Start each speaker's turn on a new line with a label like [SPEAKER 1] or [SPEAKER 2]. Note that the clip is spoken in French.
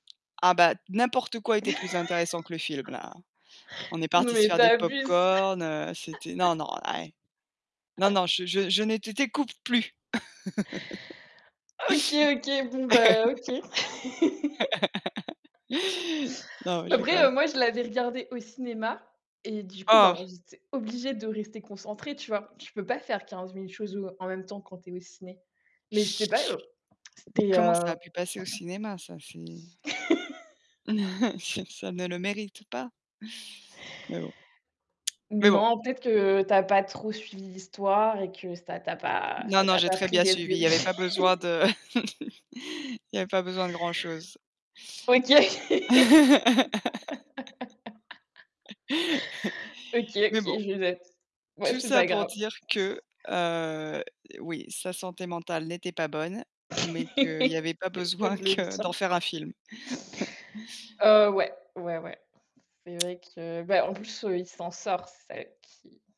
[SPEAKER 1] Ah bah, n'importe quoi était plus intéressant que le film-là, hein. On est
[SPEAKER 2] Non
[SPEAKER 1] partis se
[SPEAKER 2] mais
[SPEAKER 1] faire
[SPEAKER 2] tu
[SPEAKER 1] des
[SPEAKER 2] abuses.
[SPEAKER 1] pop-corn, heu, c'était non, non là, eh! Non, non, je je je ne t'é t'écoute plus.
[SPEAKER 2] OK, OK, bon bah OK.
[SPEAKER 1] Non,
[SPEAKER 2] Bah
[SPEAKER 1] je
[SPEAKER 2] après,
[SPEAKER 1] rigole.
[SPEAKER 2] heu, moi, je l'avais regardé au cinéma et du coup,
[SPEAKER 1] Oh.
[SPEAKER 2] ben, j'étais obligée de rester concentrée, tu vois? Tu peux pas faire 15 000 choses ou en même temps quand tu es au ciné. Mais je sais pas, heu,
[SPEAKER 1] Mais
[SPEAKER 2] c'était,
[SPEAKER 1] comment ça
[SPEAKER 2] heu
[SPEAKER 1] a pu passer au cinéma, ça? C'est c'est ça ne le mérite pas. Mais bon. Mais bon.
[SPEAKER 2] Non, peut-être que tu as pas trop suivi l'histoire et que ça t'a pas
[SPEAKER 1] Non
[SPEAKER 2] ça
[SPEAKER 1] non,
[SPEAKER 2] t'a
[SPEAKER 1] j'ai
[SPEAKER 2] pas
[SPEAKER 1] très
[SPEAKER 2] pris
[SPEAKER 1] bien
[SPEAKER 2] dès le
[SPEAKER 1] suivi, il y
[SPEAKER 2] début.
[SPEAKER 1] avait pas besoin de il y avait pas besoin de grand-chose.
[SPEAKER 2] OK. OK, OK,
[SPEAKER 1] Mais bon.
[SPEAKER 2] je note, ouais,
[SPEAKER 1] Tout
[SPEAKER 2] c'est
[SPEAKER 1] ça
[SPEAKER 2] pas
[SPEAKER 1] pour
[SPEAKER 2] grave.
[SPEAKER 1] dire que, heu, oui, sa santé mentale n'était pas bonne mais qu'il y avait pas
[SPEAKER 2] C'est peu
[SPEAKER 1] besoin
[SPEAKER 2] de le
[SPEAKER 1] que
[SPEAKER 2] dire.
[SPEAKER 1] d'en faire un film.
[SPEAKER 2] Oh ouais, ouais, ouais. C'est vrai que bah en plus, heu, il s'en sort, c'est ça qui